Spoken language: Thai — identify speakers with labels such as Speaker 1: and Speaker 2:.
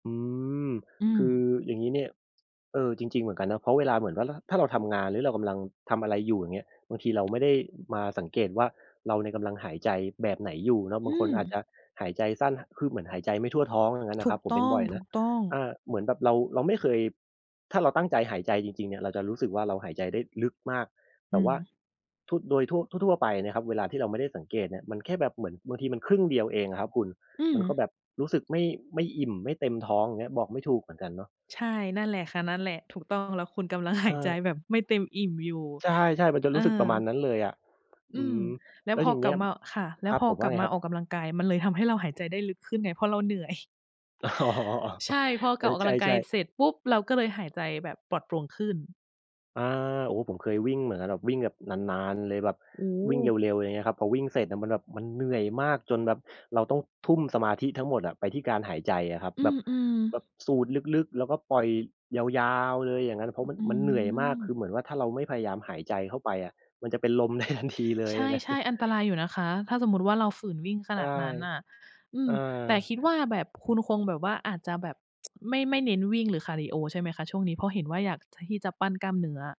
Speaker 1: อืม
Speaker 2: อ
Speaker 1: คือ
Speaker 2: ือ
Speaker 1: อย่างงี้เนี่ย เออ จริง ๆ เหมือนกันนะ เพราะเวลาเหมือนว่า ล ถ้าเราทำงาน หรือเรากำลังทำอะไรอยู่ อย่างเงี้ย บางทีเราไม่ได้ อ มาสังเกตว่า เราเนี่ยกำลังหายใจแบบไหนอยู่เนาะ บ
Speaker 2: อ
Speaker 1: าง
Speaker 2: ื
Speaker 1: คน
Speaker 2: ม
Speaker 1: อาจจะหายใจสั้น ห คือเหมือนหายใจไม่ทั่วท้อง อย่างนั้นน่
Speaker 2: ถ
Speaker 1: ะค
Speaker 2: ู
Speaker 1: รั
Speaker 2: ก
Speaker 1: บ ผม
Speaker 2: ต
Speaker 1: เป็น
Speaker 2: ้
Speaker 1: บ่อยนะ
Speaker 2: อง ๆ
Speaker 1: อ่า เหมือนแบบเรา เราไม่เคย ถ้าเราตั้งใจหายใจจริง ๆ เนี่ย เราจะรู้สึกว่าเราหายใจได้ลึกมาก แ
Speaker 2: อ
Speaker 1: ต่
Speaker 2: ื
Speaker 1: ว่
Speaker 2: ม
Speaker 1: าทั่ว โดยทั่ว ทั่ว ๆ ไปเนี่ยครับเวลาที่เราไม่ได้สังเกตเนี่ย มันแค่แบบเหมือนบางทีมันครึ่งเดียวเองอะครับคุณ
Speaker 2: อื
Speaker 1: มันก็แบ
Speaker 2: ม
Speaker 1: บรู้สึกไม่ ไม่อิ่มไม่เต็มท้อง อย่างเงี้ย บอกไม่ถูกเหมือนกันเนาะ
Speaker 2: ใช่ นั่นแหละค่ะ นั่นแหละ ถูกต้อง แล้วคุณกำลังห
Speaker 1: เ
Speaker 2: าย ใจ
Speaker 1: ออ
Speaker 2: แบบไม่เต็มอิ่มอยู่
Speaker 1: ใช่ ๆ มันจะ
Speaker 2: เอ
Speaker 1: รู
Speaker 2: อ
Speaker 1: ้สึกประมาณนั้นเลยอะ
Speaker 2: อ
Speaker 1: อ
Speaker 2: ื
Speaker 1: ื
Speaker 2: ม
Speaker 1: ม
Speaker 2: แล้
Speaker 1: แ
Speaker 2: ว
Speaker 1: ล้ว
Speaker 2: พ
Speaker 1: อย
Speaker 2: อ
Speaker 1: ่างเ
Speaker 2: ก
Speaker 1: ง
Speaker 2: ล
Speaker 1: ี
Speaker 2: ั
Speaker 1: ้
Speaker 2: บ
Speaker 1: ย
Speaker 2: มา ค่ะ แล้
Speaker 1: ค
Speaker 2: ว
Speaker 1: รับ
Speaker 2: พอ
Speaker 1: ผม ว่
Speaker 2: กล
Speaker 1: า
Speaker 2: ับ
Speaker 1: ไง
Speaker 2: มา
Speaker 1: ครับ?
Speaker 2: ออกกำลังกายมันเลยทำให้เราหายใจได้ลึกขึ้นไง เพราะเราเหนื่อย
Speaker 1: อ๋อ
Speaker 2: ใช่ พอ
Speaker 1: เอ
Speaker 2: กล
Speaker 1: อ
Speaker 2: ับ ออก
Speaker 1: ใ
Speaker 2: กำลังก
Speaker 1: ช
Speaker 2: าย
Speaker 1: ่
Speaker 2: เ
Speaker 1: ๆ
Speaker 2: สร็จปุ๊บเราก็เลยหายใจแบบปลอดโปร่งขึ้น
Speaker 1: อา โอ้ ผมเคยวิ่งเหมือนกัน แบบวิ่งแบบนาน ๆ เลย แบบ
Speaker 2: โอ้โ
Speaker 1: วิ่งเ
Speaker 2: ฮ
Speaker 1: ร็ว ๆ อะไรอย่างเงี้ยครับ พอวิ่งเสร็จอะมันแบบมันเหนื่อยมากจนแบบเราต้องทุ่มสมาธิทั้งหมดอะไปที่การหายใจอะครับ
Speaker 2: อื
Speaker 1: แบบ
Speaker 2: อ
Speaker 1: แบ
Speaker 2: ๆ
Speaker 1: บสูดลึก ๆ แล้วก็ปล่อยยาว ๆ เลย อย่างนั้นน่ะ เพรา
Speaker 2: อ
Speaker 1: ะ มัน
Speaker 2: อื
Speaker 1: มันเหนื่อยมาก
Speaker 2: ม
Speaker 1: คือเหมือนว่าถ้าเราไม่พยายามหายใจเข้าไปอะมันจะเป็นลม ได้ทันที เล
Speaker 2: ใ
Speaker 1: ย
Speaker 2: ช
Speaker 1: นะ
Speaker 2: ่ ๆ อันตรายอยู่นะคะ ถ้าสมมุติว่าเราฝืนวิ่งข
Speaker 1: ใช
Speaker 2: นา
Speaker 1: ่
Speaker 2: ดนั้นน่ะ อื
Speaker 1: อ
Speaker 2: ม
Speaker 1: า
Speaker 2: แต่คิดว่าแบบคุณคงแบบว่าอาจจะแบบ ไม่ ไม่เน้นวิ่ง หรือคาร์ดิโอใช่ไหมคะช่วงนี้? เพราะเห็นว่าอยากที่จะปั้นกล้ามเนื้อ